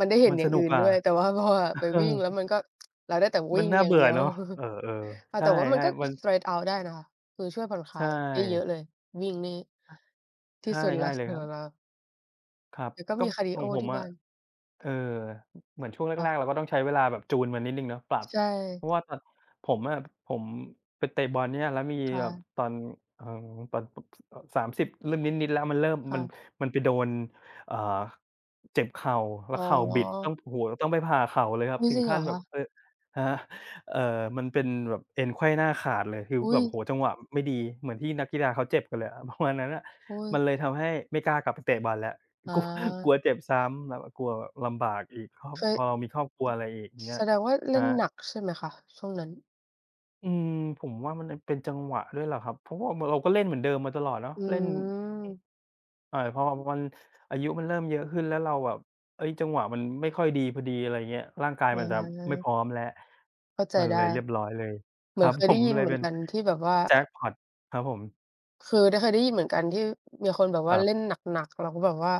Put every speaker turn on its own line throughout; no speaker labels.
มันได้เห็
ม
น
ัน
อย่
ส
าง
น
อื
ุก
่น
กว
ด
่า
้วย แต่ว่าพอแบบไป
เอ
วิ่
อ
ง แล้วมันก็ เราได้แต่ว
ม
ิ
ั
่
น
ง
น่า
อย่
เ
า
บ
ง
ื
เ
่
ดี
อ
ยว
เนาะ เออ
อ่
ๆ
า
ใช
แ
่
ต่ว่ามันก็
ๆ มัน
Fresh out ได้นะคะ คือช่วยผ่อนค
ใ
ล
ช
ายได้เยอะ
่
เลย วิ่งนี่
อะ
ท
ใ
ี
ช
่สุดแล้
่
ว
ๆ เล
ส
ยค
ำ
ร
หร
ั
ับ
บ
เรา
ครับ
แต่ก็
ก
ม
็
ีคาร์ดี
ข
โอ
องผ
ท
ม
ี่
อ
บ้
ะ
าน
เอ่อ เหมือนช่วงแ
ค่
ร
ะ
ก ๆ เราก็ต้องใช้เวลาแบบจูนมันนิดหนึ่งเนาะ ปรับ
ใช
เพ
่
ราะว่าตอน ผมอะ ผมไปเตะบอลเนี่ย แล้วมี
ค่
แบบ
ะ
ตอน เอ่อ ตอนผม เอ่อ [unintelligible] 30 เริ่มนิด ๆ แล้วมันเริ่ม
ค่
มัน
ะ
มันไปโดน อ่า เจ็บเข่า แล
อ
้
๋
วเข่าบิดต้อ
อ
ง โอ้โฮ ต้องไปผ่าเข่าเลยครั
อุ
บ
๊ย
ถึ
จร
ง
ิงเ
ข
หร
ั้
อ
นแ
ค
บบ
ะ?
เอ่อ ฮะ เอ่อ มันเป็นแบบเอ็นไขว้หน้าขาดเลย คือ
อุ๊
แบ
ย
บ โอ้โฮ จังหวะไม่ดี เหมือนที่นักกีฬาเขาเจ็บกันเลยอะ ประมาณ นั้นน่ะ
โอ้
มัน
ย
เลยทำให้ไม่กล้ากลับไปเตะบอลแล้ว
อ
กลัว กลั
า
วเจ็บซ้ำแบบว่ากลัวแบบลำบากอีก พอ
เคย
พอเรามีครอบครัวอะไรอีกเงี
แ
้
ส
ย
ดงว่าเล
คร
่
ั
นหน
บ
ักใช่ไหมคะ? ช่วงนั้น
อืม ผมว่ามัน น เป็นจังหวะด้วยแหละครับ เพราะว่าเหมือนเราก็เล่นเหมือนเดิมมาตลอดเนาะ
อื
เล่น อือ
ม
[unintelligible] อายุมันเริ่มเยอะขึ้น แล้วเราแบบ เอ๊ย จังหวะมันไม่ค่อยดีพอดี อะไรอย่างเงี้ย ร่างกาย
อ
มันแบบไม่
า
พร้อมแล้ว
เข้าใจ
มัน
ได
เ
้
ลยเรียบร้อยเลย
เหม
ค
ือ
รั
น
บ
เคย
ผ
ได้
ม
ยิน
เล
เ
ย
หมื
เ
อ
ป
น
็น
กันที่แบบว่า
แจ
อ
็
ะ
กพอต ครับผม
คือ ได้เคย ได้ยินเหมือนกันที่มีคนแบบว
ค
่า
ร
เล
ับ
่นหนัก ๆ เราก็แบบว่า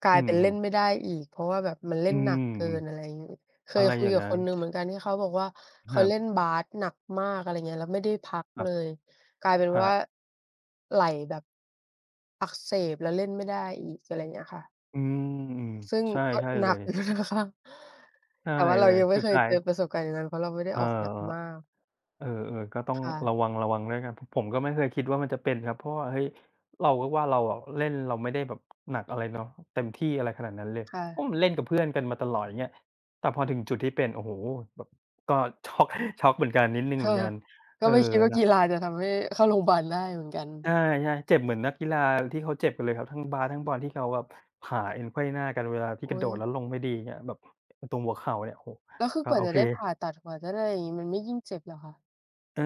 กลา
อื
ย
อ
เป็น
อ
เ
ื
ล่
ม
นไม่ได้อีก เพราะว่าแบบมันเล่
อื
น
อ
หนักเกิ
ฮึ
น อะไรอย่างนี้ เค
อะ
ย
ไร
คุ
อย
ย
่าง
กั
ง
บ
ั้
ค
น
นหนึ่งเหมือนกันที่เขาบอกว่า เข
ค
า
รั
เ
บ
ล่นบาสหนักมาก อะไรอย่างเงี้ย แล้วไม่ได้พัก
คร
เ
ั
ล
บ
ย กลายเป็น
ครั
ว่า
บ
ไหล่แบบ อักเสบ แล้วเล่นไม่ได้อีก อะไรเงี้ยค่ะ
อืม อือ
ซึ่ง
ใช่
ก็
ใช่
หน
เล
ัก
ย
อยู่นะคะ
ใช่
แต่ว่าเร
เล
า
ย
ยังไม่
สุ
เ
ด
ค
ท
ย
้า
เจอ
ย
ประสบการณ์อย่างนั้น เพราะเราไม่ได้
เออ
ออกหนักมาก
เออ เออ ๆ ก็ต้อง
ค่ะ
ระวัง ๆ แล้วกัน เพราะผมก็ไม่เคยคิดว่ามันจะเป็นครับ เพราะว่า เฮ้ย เราก็ว่าเราอะเล่น เราไม่ได้แบบหนักอะไรเนาะ เต็มที่อะไรขนาดนั้นเลย
ค่
โอ้
ะ
มันเล่นกับเพื่อนกันมาตลอดอย่างเงี้ย แต่พอถึงจุดที่เป็น โอ้โฮ แบบก็ ช็อก ช็อกเหมือนกันนิดหนึ่งเ
ค
หมื
่ะ
อนกัน
ก
เ
็
ออ
ไม่คิดว่า
เนา
ก
ะ
ีฬาจะทำให้เข้าโรง บาล ได้เหมือนกั
ใช
น
่ ๆ เจ็บเหมือนนักกีฬาที่เขาเจ็บกันเลยครับ ทั้งบาสทั้งบอลที่เขาแบบผ่าเอ็นไขว้หน้ากันเวลาที
โ
่
อ๊
กระโด
ย
ดแล้วลงไม่ดีเงี้ย แบบตรงหัวเข่าเนี่ย โอ้โฮ
แล้วคือ
อะ
กว่า
โอ
จะ
เค
ได้ผ่าตัด กว่าจะได้อย่างงี้มันไม่ยิ่งเจ็บเหรอคะ?
เออ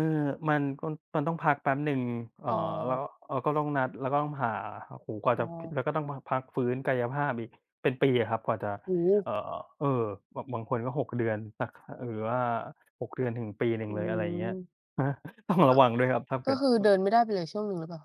มันก็ มันต้องพักแป๊บหนึ่ง เอ
อ
่
๋
อ แล้
อ
ว เอ่อ ก็ต้องนัด แล้วก็ต้องผ่า โอ้โฮ กว่า
อ๋
จะ
อ
แล้วก็ต้องมาพักฟื้นกายภาพอีก เป็นปีอะครับ กว่าจะ
โอ้โ
เอ่
ฮ
อ เออ แบบบางคนก็ 6 เดือนนะ ค หรือว่า 6 เดือนถึงปีหนึ
อ
่ง
ื
เลย อะไรอย่างเงี้ย
ม
ครับ ต้องร
ก
ะ
็
วัง ด้วยครับถ้าเ
ก
ก
็
ิด
คือ
เอ
เด
อ
ินไม่ได้ไปเลยช่วงหนึ่งหรือเปล่า?